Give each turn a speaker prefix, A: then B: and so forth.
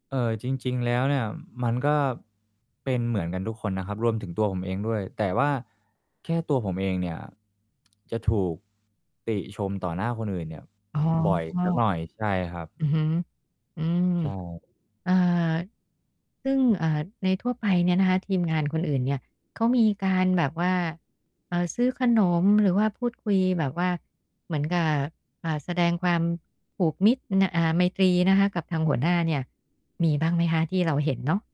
A: เอ่อ จริง ๆ แล้วเนี่ย มันก็ เป็นเหมือนกันทุกคนนะครับ รวมถึงตัวผมเองด้วย แต่ว่าแค่ตัวผมเองเนี่ย จะถูก ติชมต่อหน้าคนอื่นเนี่ย
B: อ๋อ
A: บ่อยสักหน่อย ใช่ครับ
B: อือฮึ อืม
A: ใช่
B: เอ่อ ซึ่ง เอ่อ ในทั่วไปเนี่ยนะคะ ทีมงานคนอื่นเนี่ย เขามีการแบบว่า เอ่อ ซื้อขนมหรือว่าพูดคุยแบบว่าเหมือนกับ อ่า แสดงความผูกมิตรน่ะ อ่า ไมตรีนะคะกับทางหัวหน้าเนี่ย มีบ้างไหมคะที่เราเห็นเนาะ?